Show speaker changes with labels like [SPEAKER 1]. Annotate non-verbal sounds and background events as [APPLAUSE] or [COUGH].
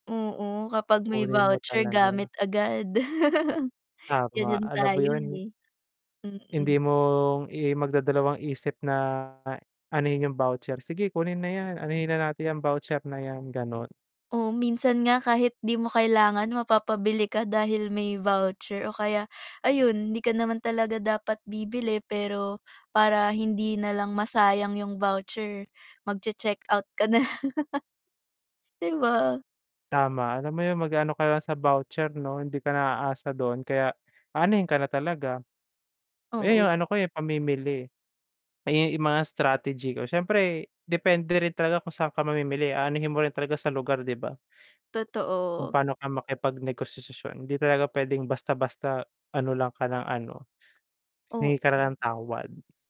[SPEAKER 1] Oo, kapag may
[SPEAKER 2] Kukunin mo
[SPEAKER 1] voucher,
[SPEAKER 2] talaga.
[SPEAKER 1] gamit agad. [CHUCKLES]
[SPEAKER 2] Tama,
[SPEAKER 1] Ganiyan
[SPEAKER 2] alam mo
[SPEAKER 1] tayo,
[SPEAKER 2] yun
[SPEAKER 1] eh.
[SPEAKER 2] hindi
[SPEAKER 1] Mm.
[SPEAKER 2] mong, i magdadalawang isip na anohin yung voucher, "Sige kunin na yan, anohin na natin yan voucher na yan," ganon.
[SPEAKER 1] O minsan nga kahit di mo kailangan mapapabili ka dahil may voucher o kaya, ayun di ka naman talaga dapat bibili pero para hindi nalang masayang yung voucher, mag-che-checkout ka na lang, [CHUCKLES] 'di ba?
[SPEAKER 2] Tama, alam mo yun mag aano ka lang sa voucher 'no, hindi ka na aasa dun, kaya anuhin ka na talaga. Eh,
[SPEAKER 1] Oo.
[SPEAKER 2] yung ano ko, eh, pamimili. Eh, yung mga strategy ko, siyempre depende rin talaga kung saan ka mamimili, aanuhin mo rin talaga sa lugar, 'di ba? Kung
[SPEAKER 1] Totoo.
[SPEAKER 2] paano ka makipag negosasyon, hindi talaga puwedeng basta-basta ano lang ka lang ano,
[SPEAKER 1] Oo.
[SPEAKER 2] hingi ka na ng tawad.